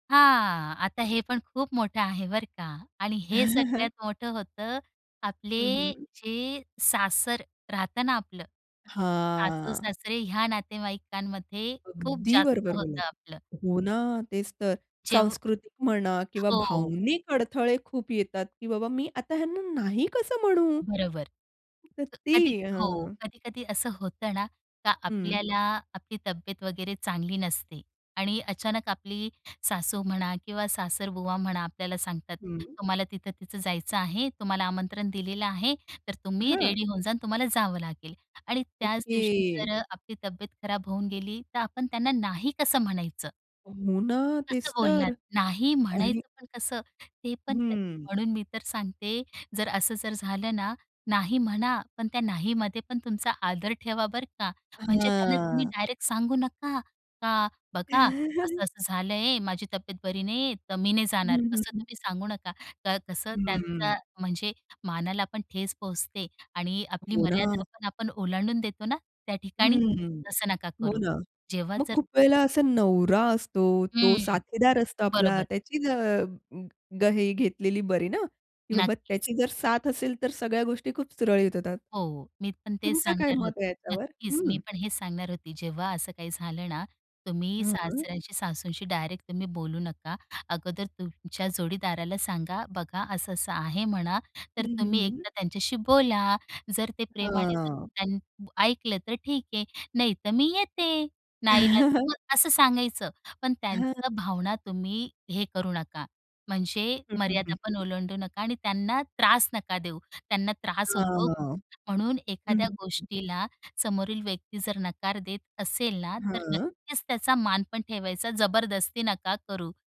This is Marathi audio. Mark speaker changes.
Speaker 1: हां. आता हे पण खूप मोठं आहे बरं का आणि हे सगळ्यात मोठं होतं, आपले
Speaker 2: हं, हं.
Speaker 1: जे सासर राहतं ना आपलं.
Speaker 2: हां.
Speaker 1: सासू-सासरे ह्या नातेवाईकांमध्ये खूप
Speaker 2: अगदी
Speaker 1: जास्त
Speaker 2: बरोबर
Speaker 1: होतं
Speaker 2: बोललात.
Speaker 1: आपलं.
Speaker 2: हो ना, तेच तर.
Speaker 1: जेव्ह
Speaker 2: सांस्कृतिक म्हणा, किंवा
Speaker 1: हो.
Speaker 2: भावनिक अडथळे खूप येतात, की बाबा मी आता ह्यांना नाही कसं म्हणू?
Speaker 1: बरोबर.
Speaker 2: तर
Speaker 1: अ, कधी
Speaker 2: ती,
Speaker 1: हो
Speaker 2: हां.
Speaker 1: कधी-कधी असं होतं ना, का
Speaker 2: हं.
Speaker 1: आपल्याला, आपली तब्बेत वगैरे चांगली नसते आणि अचानक आपली सासू म्हणा, किंवा सासरबुवा म्हणा, आपल्याला सांगतात,
Speaker 2: हं.
Speaker 1: तुम्हाला तिथं-तिथं जायचं आहे. तुम्हाला आमंत्रण दिलेलं आहे, तर तुम्ही
Speaker 2: हां.
Speaker 1: रेडी होऊन जा आणि तुम्हाला जावं लागेल. आणि त्याच दिवशी
Speaker 2: ओके.
Speaker 1: जर अ, आपली तब्बेत खराब होऊन गेली, तर आपण त्यांना नाही कसं म्हणायचं?
Speaker 2: हो ना.
Speaker 1: कसं
Speaker 2: तेच
Speaker 1: बोलणार?
Speaker 2: तर.
Speaker 1: नाही
Speaker 2: आणि
Speaker 1: म्हणायचं पण कसं? ते पण ते
Speaker 2: हं.
Speaker 1: म्हणून मी तर सांगते जर असं जर झालं ना, नाही म्हणा, पण त्या नाहीमध्ये पण तुमचा आदर ठेवा बरं का. म्हणजे त्यांना तुम्ही
Speaker 2: हां.
Speaker 1: डायरेक्ट सांगू नका, का बघा, असं-असं झालं आहे, माझी तब्बेत बरी नाहीये. तर मी नाही
Speaker 2: हं,
Speaker 1: जाणार.
Speaker 2: हं,
Speaker 1: असं
Speaker 2: हं.
Speaker 1: तुम्ही सांगू नका, का कसं
Speaker 2: हं, हं.
Speaker 1: त्यांचा म्हणजे मानाला पण ठेस पोहोचते आणि आपली
Speaker 2: हो ना.
Speaker 1: मर्यादा पण आपण ओलांडून देतो ना, त्या ठिकाणी.
Speaker 2: हं.
Speaker 1: तसं नका
Speaker 2: हो
Speaker 1: करू.
Speaker 2: ना.
Speaker 1: जेव्हा
Speaker 2: मग
Speaker 1: जर
Speaker 2: खूप वेळेला असा नवरा असतो, तो
Speaker 1: हं.
Speaker 2: साथीदार असतो आपला.
Speaker 1: बरोबर.
Speaker 2: त्याचीही अ गं हे घेतलेली बरी ना, की बाबा
Speaker 1: नक्कीच.
Speaker 2: त्याची जर साथ असेल, तर सगळ्या गोष्टी खूप सुरळीत होतात.
Speaker 1: हो, हो. मी पण तेच
Speaker 2: तुमचं काय
Speaker 1: सांगणार
Speaker 2: मत आहे
Speaker 1: होती.
Speaker 2: याच्यावर?
Speaker 1: नक्कीच मी
Speaker 2: हं.
Speaker 1: पण हेच सांगणार होती, जेव्हा असं काही झालं ना, तुम्ही
Speaker 2: हां.
Speaker 1: सासऱ्यांशी-सासूंशी डायरेक्ट तुम्ही बोलू नका. अगोदर तुमच्या जोडीदाराला सांगा. बघा असं-असं आहे म्हणा.
Speaker 2: हं,
Speaker 1: तर
Speaker 2: हं,
Speaker 1: तुम्ही
Speaker 2: हं.
Speaker 1: एकदा त्यांच्याशी बोला. जर ते प्रेमाने
Speaker 2: हां.
Speaker 1: [unintelligible] ऐकलं तर ठीक आहे, नाही तर मी येते नाईलाज मग असं सांगायचं. पण
Speaker 2: हां.
Speaker 1: त्यांचा भावना तुम्ही हे करू नका, म्हणजे
Speaker 2: हं, हं,
Speaker 1: मर्यादा
Speaker 2: हं,
Speaker 1: पण
Speaker 2: हं.
Speaker 1: ओलांडू नका आणि त्यांना त्रास नका देऊ. त्यांना त्रास होतो
Speaker 2: हां.
Speaker 1: म्हणून
Speaker 2: हं,
Speaker 1: एखाद्या
Speaker 2: हं, हं, हं.
Speaker 1: गोष्टीला समोरील व्यक्ती जर नकार देत असेल ना, तर
Speaker 2: हां.
Speaker 1: नक्कीच त्याचा मान पण ठेवायचा, जबरदस्ती नका करू.